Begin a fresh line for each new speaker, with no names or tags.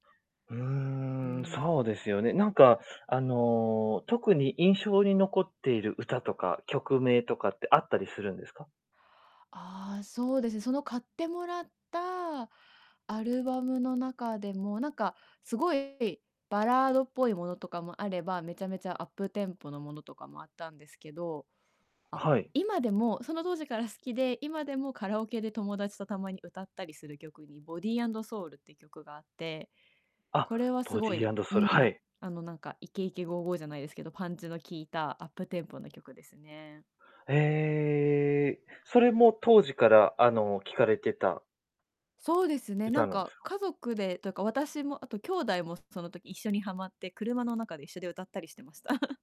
うー
うー
ん、
ん。
そうですよね。なんか、あの、特に印象に残っている歌とか、曲名とかってあったりするんですか？
ああ、そうですね、その買ってもらったアルバムの中でも、なんか、すごいバラードっぽいものとかもあれば、めちゃめちゃアップテンポのものとかもあったんですけど。あ、
あ、はい。
今でも、その当時から好きで、今でもカラオケで友達とたまに歌ったりする曲に、ボディアンドソウルって曲があって。
あ、
これはす
ボデ
ご
ィア
い
ンド
う
ソウル、は
ん、
い。
あの、なんか、イケイケゴーゴーじゃないですけど、パンチの効いたアップテンポな曲ですね。
へえ。それも当時から、あの、聞かれてた
そうですね、な
歌
ん
なんで
か、
すか？
家族でというか、私もあと兄弟も、すその時一緒にはまって、車の中で一緒で歌ったりしてました。